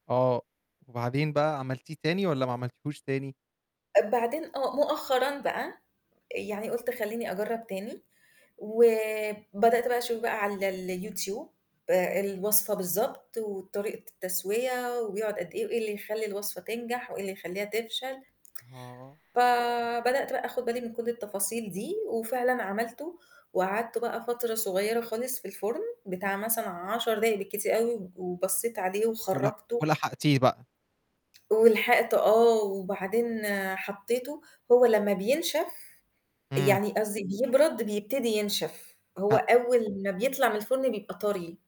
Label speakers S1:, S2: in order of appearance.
S1: آه، وبعدين بقى عملتيه تاني والّا ما عملتيهوش تاني؟
S2: بعدين آه مؤخرًا بقى يعني قُلت: "خلّيني أجرب تاني،" وبدأت بقى أشوف بقى على الYouTube الوصفة بالضبط، وطريقة التسوية وبيقعد قد إيه، وإيه اللي يخلّي الوصفة تنجح، وإيه اللي يخلّيها تفشل.
S1: آه.
S2: فبدأت بقى آخد بالي من كل التفاصيل دي، وفعلًا عملته وقعدته بقى فترة صغيرة خالص في الفرن، بتاع مثلًا 10 دقايق بالكتير أوي، و وبصِّيت عليه
S1: ول
S2: وخرجته.
S1: ولحقتيه بقى.
S2: ولحقته آه، وبعدين حطيته، هو لمّا بينشف
S1: امم.
S2: يعني قصدي بيبرد بيبتدي ينشف، هو
S1: ها
S2: أول ما بيطلع من الفرن بيبقى طَرِي.